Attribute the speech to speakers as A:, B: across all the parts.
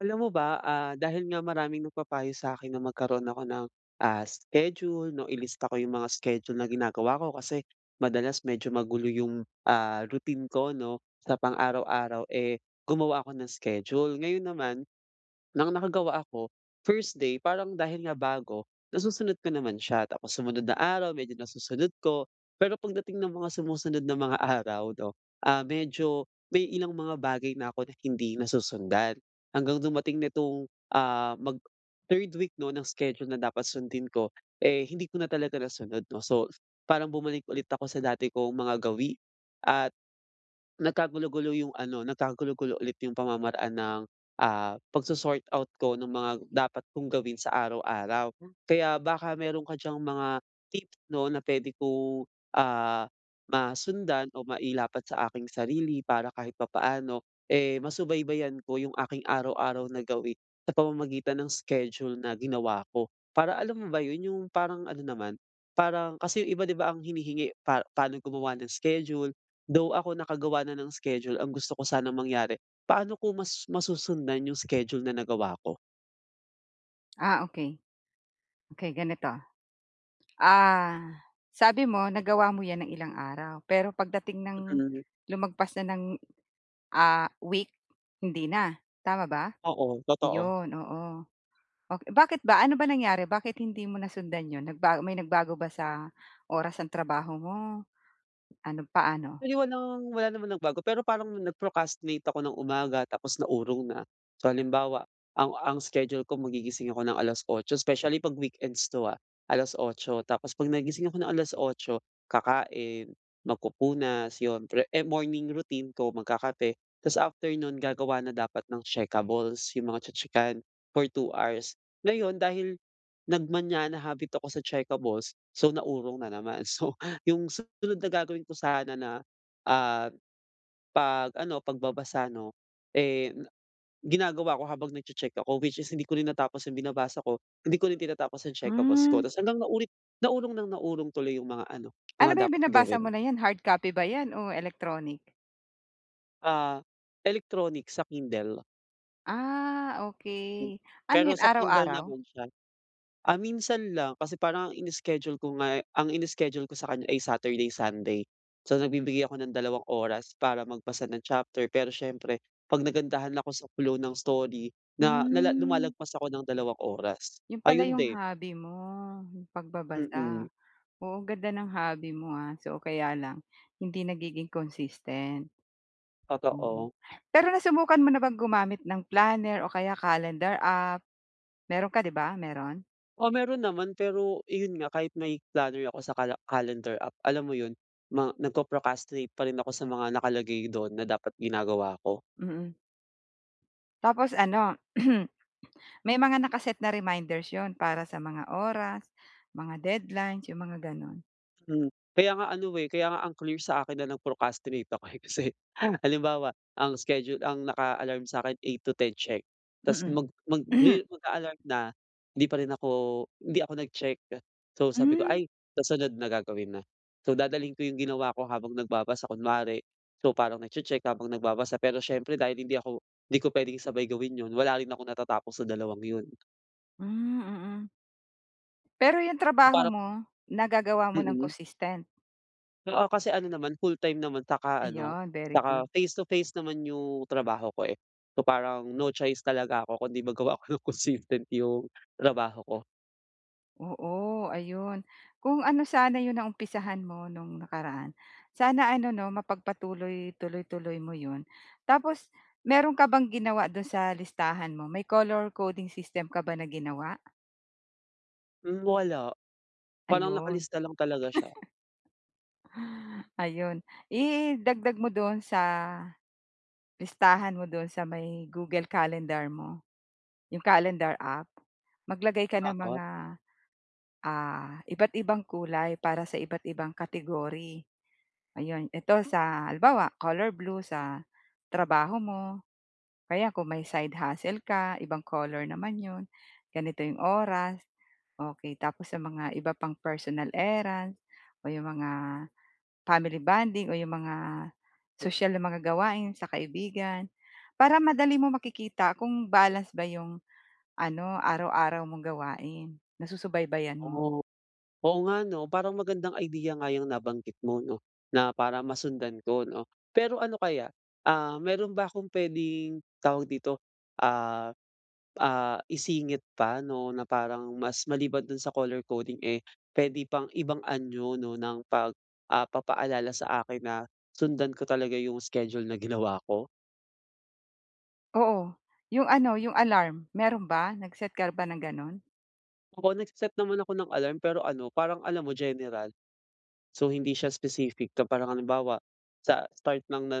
A: Alam mo ba? Ah, dahil nga maraming nagpapayo sa akin na magkaroon ako ng, ah, schedule, 'no, ilista ko 'yong mga schedule na ginagawa ko kasi madalas medyo magulo 'yong, ah, routine ko, 'no? Sa pang-araw-araw, eh, gumawa ako ng schedule. Ngayon naman nang nakagawa ako, 1st day parang dahil nga bago, nasusunod ko naman siya. Tapos sumunod na araw, medyo nasusunod ko, pero pagdating ng mga sumusunod na mga araw, 'no, ah, medyo may ilang mga bagay na ako na hindi nasusundan hanggang dumating nitong, ah, mag-third week 'no, ng schedule na dapat sundin ko, eh, hindi ko na talaga nasunod, 'no? So, parang bumalik ulit ako sa dati kong mga gawi at nagkagulo-gulo yung ano, nagkagulo-gulo ulit yung pamamaraan ng, ah, pagso-sort out ko nung mga dapat kong gawin sa araw-araw. Kaya baka meron ka diyang mga tips 'no, na pwede kong, ah, masundan o mailapat sa aking sarili para kahit papaano, eh, masubaybayan ko yung aking araw-araw na gawi sa pamamagitan ng schedule na ginawa ko. Para alam mo ba 'yon, yung parang ano naman, parang kasi 'yong iba, 'di ba, ang hinihingi pa paano gumawa ng schedule though ako nakagawa na ng schedule, ang gusto ko sanang mangyari paano ko mas masusundan 'yong schedule na nagawa ko?
B: Ah, okey. Okey ganito, ah, sabi mo nagawa mo 'yan ng ilang araw pero pagdating ng
A: Mm.
B: lumagpas na ng, ah, week hindi na. Tama ba?
A: Oo. Totoo.
B: Ayun, oo. Ok bakit ba, ano ba nangyari bakit hindi mo nasundan 'yon, nagba may nagbago ba sa oras ng trabaho mo, ano paano?
A: Actually walang, wala namang nagbago pero parang nag-procrastinate ako ng umaga tapos naurong na. So halimbawa, ang ang schedule ko magigising ako ng alas-otso specially 'pag weekends 'to, ah. Alas-otso tapos 'pag nagising ako ng alas-otso kakain, magpupunas 'yon pre eh, morning routine ko, magkakape tas after nun, gagawa na dapat ng checkables, 'yong mga tse-tsekan for 2 hours. Ngayon dahil, nagmaña habit ako sa checkables, so, naurong na naman. So yung susunod na gagawin ko sana na, ah, 'pag ano pagbabasa 'no, eh ginagawa ko habang nagche-check ako, which is hindi ko rin natapos yung binabasa ko, hindi ko rin tinatapos ang checkables ko.
B: Hmm.
A: Tas hanggang naulit naurong ng naurong tuloy yung mga ano,
B: Ano ba
A: mga
B: 'yong
A: dapat
B: binabasa
A: gawin.
B: mo na 'yan hard copy 'yan o electronic?
A: Ah, electronic sa Kindle.
B: Ah, okey. Ano
A: Pero
B: 'yon,
A: sa Kindle
B: araw-araw?
A: naman siya. Ah, minsan lang kasi parang ang ini-schedule ko nga ang ini-schedule ko sa kanya ay Saturday, Sunday. So, nagbibigay ako ng dalawang oras para magbasa ng chapter, pero siyempre 'pag nagandahan ako sa flow ng story na la
B: Hmm.
A: lumalagpas ako ng dalawang oras.
B: 'Yon pala
A: Ayun
B: 'yong
A: din.
B: hobby mo, 'yong
A: Mm.
B: pagbabasa. Oo, ganda ng hobby mo ha. So, kaya lang hindi nagiging consistent. Oo.
A: Totoo.
B: Pero nasubukan mo na bang gumamit ng planner o kaya calendar app? Meron ka, 'di ba? Meron?
A: Oo, meron naman. Pero iyon nga, kahit may planner ako sa cala calendar app, alam mo 'yon, ma nagpro-procrastinate pa rin ako sa mga nakalagay doon na dapat ginagawa ko.
B: Mm. Tapos ano, may mga naka-set na reminders 'yon para sa mga oras, mga deadlines, yung mga ganon.
A: Hmm. Kaya nga ano eh, kaya nga ang clear sa akin na lang procrastinate ako eh, kasi halimbawa, ang schedule ang naka-alarm sa akin, eight to ten check. Tapos
B: Mm.
A: mag magri mag-a-alarm na, hindi pa rin ako hindi ako nag-check. So, sabi ko,
B: Hmm.
A: "Ay sa sunod na, gagawin na." So, dadalhin ko 'yong ginawa ko habang nagbabasa kunwari. So, parang nagche-check habang nagbabasa, pero siyempre dahil hindi ako hindi ko puwedeng sabay gawin 'yon, wala rin akong natatapos sa dalawang 'yon.
B: Hmm, mm. Pero yung trabaho
A: Parang
B: mo nagagawa mo ng
A: Mm.
B: consistent?
A: Oo kasi ano naman, full time naman saka ano,
B: Ayon very
A: saka
B: good!
A: face to face naman yung trabaho ko eh, so parang no choice talaga ako kundi magawa ako ng consistent yung trabaho ko.
B: Oo ayun. Kung ano sana 'yong naumpisahan mo no'ng nakaraan sana ano 'no mapagpatuloy, tuloy-tuloy mo 'yon. Tapos meron ka bang ginawa do'n sa listahan mo may color coding system ka ba na ginawa?
A: Hmm, wala parang
B: Ayun.
A: nakalista lang talaga siya.
B: Ayun, idagdag mo dun sa listahan mo dun sa may Google Calendar mo. Yung Calendar app maglagay ka ng
A: Oo.
B: mga ah iba't ibang kulay para sa iba't ibang category. Ayon, ito sa halimbawa color blue sa trabaho mo, kaya kung may side hustle ka ibang color naman 'yon, ganito 'yong oras, okey tapos sa mga iba pang personal errands o 'yong mga family bonding o 'yong mga sosyal na mga gawain sa kaibigan para madali mo makikita kung balance ba 'yong ano araw-araw mong gawain. Nasusubaybayan mo.
A: Oh, oo nga no? Parang magandang idea nga iyang nabanggit mo 'no na para masundan ko 'no pero ano kaya, ah meron ba akong puwedeng tawag dito, ah ah isingit pa no na parang mas maliban dun sa color coding eh, puwede pang ibang anyo no ng pag ah papaalala sa akin na sundan ko talaga yung schedule na ginawa ko?
B: Oo, 'yong ano? Yong alarm, meron ba nag-set ka ba ng gano'n?
A: Ako, nagseset naman ako ng alarm pero ano parang alam mo general. So, hindi siya specific na parang halimbawa sa start ng, na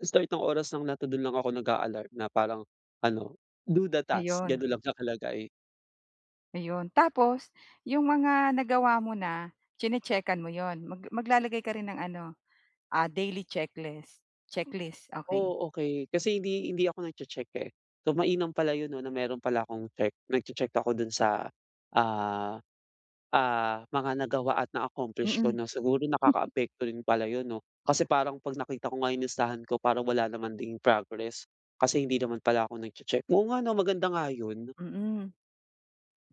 A: start ng oras lang na to' dun lang ako nag-aalarm na parang ano, "Do the task,"
B: Ayun.
A: ganun lang nakalagay.
B: Ayun tapos, 'yong mga nagawa mo na chine-chekan mo 'yon? Mag maglalagay ka rin ng ano, ah, daily checklist, checklist. Okey.
A: Oh okey. Kasi hindi hindi ako nag-checheck eh. So mainam pala 'yon 'no na meron pala akong check nag-che-check ako do'n sa, ah ah mga nagawa at na-accomplish ko
B: Mm.
A: no' siguro nakakaapekto din pala 'yon 'no? Kasi parang 'pag nakita ko nga 'yong listahan ko parang wala naman ding progress. Kasi hindi naman pala ako nag-che-check. Oo nga no, maganda nga 'yon.
B: Mm.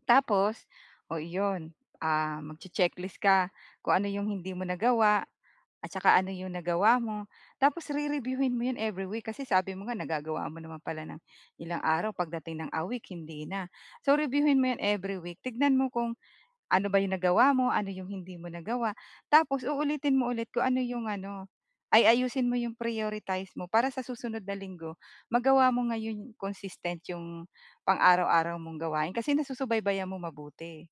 B: Tapos, oh iyon, ah, mag-che-checklist ka kung ano 'yong hindi mo nagawa at saka ano 'yong nagawa mo. Tapos rereviewhin mo 'yon every week kasi sabi mo nga nagagawa mo naman pala ng ilang araw pagdating ng a week hindi na. So, reviewhin mo 'yon every week, tignan mo kung ano ba 'yong nagawa mo, ano 'yong hindi mo nagawa tapos uulitin mo ulit kung ano 'yong ano ay ayusin mo 'yong prioritize mo para sa susunod na Linggo magawa mo ngayon konsistent 'yong pang-araw-araw mong gawain kasi nasusubaybayan mo mabuti.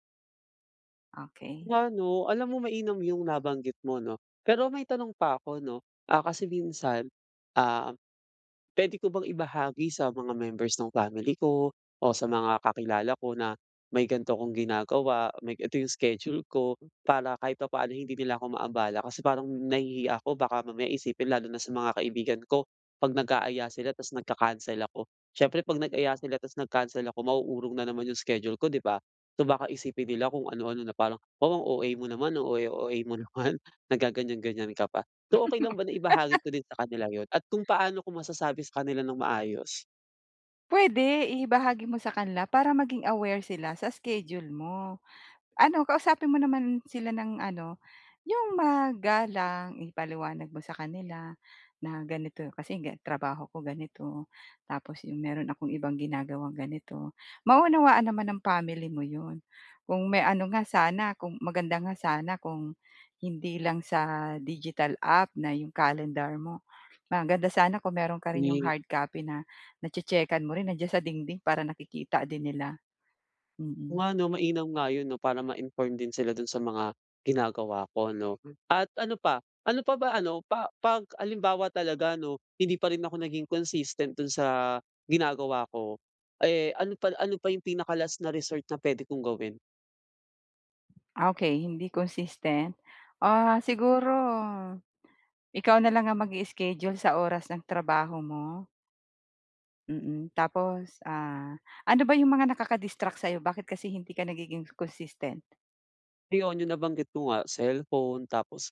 B: Okey.
A: Nga 'no, alam mo mainam yung nabanggit mo 'no. Pero may tanong pa ako 'no. Ah, kasi minsan, ah, pwede ko bang ibahagi sa mga members ng family ko o sa mga kakilala ko na may ganito akong ginagawa? May ga ito yung schedule ko, para kahit papaano hindi nila ako maabala kasi parang nahihiya ako baka mamaya isipin lalo na sa mga kaibigan ko. 'Pag nag-aaya sila tapos nagca-cancel ako. Siyempre 'pag nag-aya sila tas nag-cancel ako, mauurong na naman 'yong schedule ko, 'di ba? So, baka isipin nila kung ano-ano, na parang, "Wow, ang OA mo naman. Ang OA, OA mo naman. Naggaganyan-ganyan ka pa." So, okey lang ba na ibahagi ko din sa kanila 'yon? At kung paano ko masasabi sa kanila nang maayos?
B: Puwede! Ibahagi mo sa kanila para maging aware sila sa schedule mo. Ano, kausapin mo naman sila ng ano, 'yong magalang. Ipaliwanag mo sa kanila na ganito, kasi trabaho ko ganito. Tapos 'yong meron akong ibang ginagawang ganito. Mauunawaan naman ng family mo 'yon. Kung may ano nga sana, kung maganda nga sana kung hindi lang sa digital app na 'yong calendar mo. Maganda sana kung meron ka rin 'yong
A: Wi
B: hard copy na, nache-checkan mo rin. Nandiyan sa dingding para nakikita din nila.
A: Oo
B: Mm.
A: nga 'no. Mainam nga 'yon 'no, para ma-inform din sila doon sa mga ginagawa ko, 'no? At ano pa, ano pa ba ano, pa 'pag halimbawa talaga ano, hindi pa rin ako naging consistent dun sa ginagawa ko, eh, ano pa ano pa yung pinaka-last na resort na pwede kong gawin?
B: Ah okey, hindi consistent. Ah, siguro, ikaw na lang ang mag-ischedule sa oras ng trabaho mo. Mm, tapos, ah, ano ba yung mga nakakadistract sa'yo? Bakit kasi hindi ka nagiging consistent?
A: Ayun, 'yung nabanggit ko nga, cellphone tapos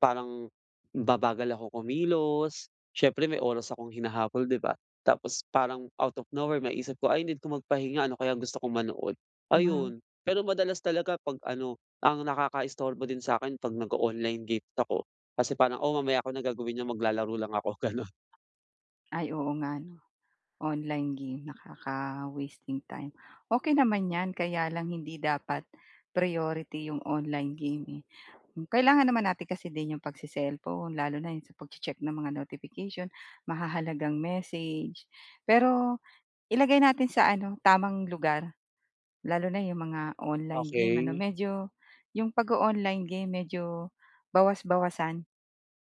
A: parang, babagal ako kumilos. Siyempre, may oras akong hinahabol, 'di ba? tapos parang out of nowhere maiisip ko, "Ay, need ko magpahinga, ano kayang gusto kong manood"
B: Hmm.
A: ayun, pero madalas talaga 'pag ano, ang nakaka-istorbo din sa 'kin, 'pag nag-oonline games ako, kasi parang, "Oo, mamaya ko na gagawin yan, maglalaro lang ako" gano'n.
B: Ay, oo nga 'no? Online game, nakaka-wasting time. Okey naman 'yan, kaya lang hindi dapat priority 'yung online game eh. Kailangan naman natin kasi din 'yung pag-cecellphone, lalo na yung sa pag-checheck ng mga notification, mahahalagang message, pero ilagay natin sa ano, tamang lugar. Lalo na 'yung mga online game ano?
A: Okey.
B: Medyo, 'yung pag-o-online game, medyo bawas-bawasan.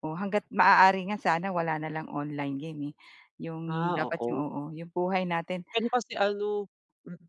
B: Oo, hangga't maaari nga sana, wala na lang online game eh. Yung
A: Ah,
B: dapat yung
A: oo.
B: oo yung buhay natin
A: Pero kasi ano, mm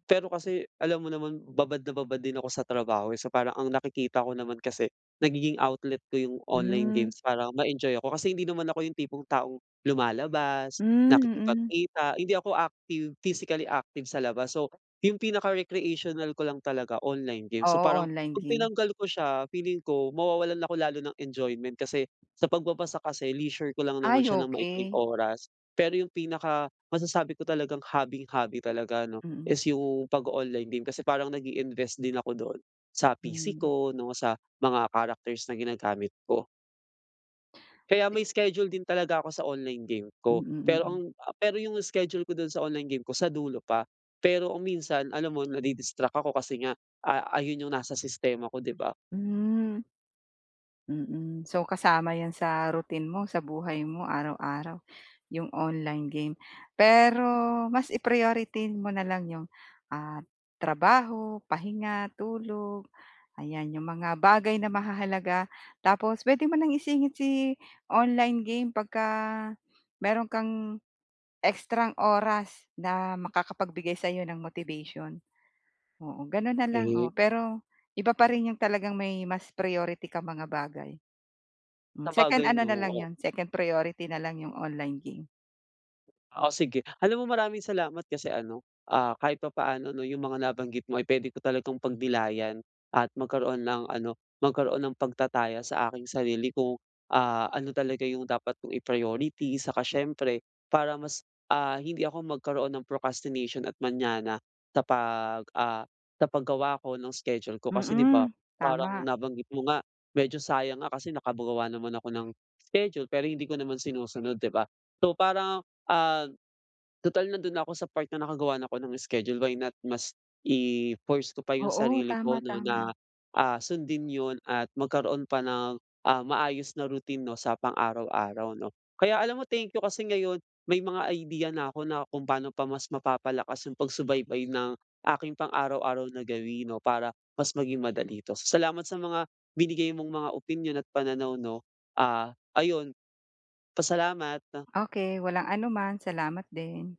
A: pero kasi, alam mo naman babad na babad din ako sa trabaho eh. So, parang ang nakikita ko naman kasi, nagiging outlet ko yung online
B: Hmm.
A: games para ma-enjoy ako. Kasi hindi naman ako yung tipong taong lumalabas,
B: Hmm, mm.
A: nakikipagkita, hindi ako active physically active sa labas. So, yung pinaka-recreational ko lang talaga, online game. So,
B: Oo,
A: parang
B: online
A: 'pag
B: game.
A: tinanggal ko siya, feeling ko, mawawalan ako lalo ng enjoyment kasi sa pagbabasa kasi leisure ko lang naman
B: Ay,
A: siya ng maikling
B: okey.
A: oras pero yung pinaka-masasabi ko talagang hobby-hobby talaga 'no,
B: Mm.
A: is yung pag-oonline game kasi parang nag-iinvest din ako dun, sa PC
B: Hmm.
A: ko 'no, sa mga characters na ginagamit ko. Kaya
B: Bi
A: may schedule din talaga ako sa online game ko,
B: Mm,
A: pero
B: mm.
A: ang pero yung schedule ko dun sa online game ko, sa dulo pa. Pero kung minsan, alam mo, nadi-distract ako kasi nga a ayun yung nasa sistema ko, di ba?
B: Hmm. Mm. So, kasama 'yan sa routine mo, sa buhay mo, araw-araw, 'yong online game. Pero mas i-priority mo na lang 'yong, ah, trabaho, pahinga, tulog, ayan. 'Yong mga bagay na mahahalaga. Tapos puwede mo nang isingit si online game 'pag ka meron kang extrang oras na makakapagbigay sa'yo ng motivation. Oo, gano'n na lang. Oo,
A: Okey.
B: pero iba pa rin 'yong talagang may mas priority kang mga bagay. Hmm, second
A: Sabagay
B: ano
A: 'no?
B: na lang
A: Oo.
B: 'yon, second priority na lang 'yong online game.
A: Oh sige. Alam mo, maraming salamat kasi ano, ah, kahit papaano ano 'no, yung mga nabanggit mo ay pwede ko talagang pagnilayan at magkaroon ng ano, magkaroon ng pagtataya sa aking sarili kung, ah, ano talaga yung dapat kong i-priority saka siyempre para mas, ah, hindi ako magkaroon ng procrastination at manyana sa pag, ah, sa paggawa ko nung schedule ko. Kasi 'di ba,
B: Mm,
A: parang
B: tama.
A: nabanggit mo nga, medyo sayang nga kasi nakagawa naman ako ng schedule, pero hindi ko naman sinusunod, 'di ba? So, parang, ah, total nando'n na ako sa part na nakagawa ako ng schedule, why not mas i-force ko pa 'yong
B: Oo,
A: sarili
B: tama,
A: ko 'no,
B: tama.
A: na ah, sundin 'yon at magkaroon pa ng ah, maayos na routine 'no, sa pang-araw-araw, 'no? Kaya alam mo, thank you kasi ngayon, may mga idea na 'ko na kung paano pa mas mapapalakas 'yong pagsubaybay ng aking pang-araw-araw na gawi 'no, para mas maging madali 'to. Salamat sa mga binigay mong mga opinyon at pananaw, 'no? Ah, ayun, pa salamat.
B: Okey, walang anuman. Salamat din.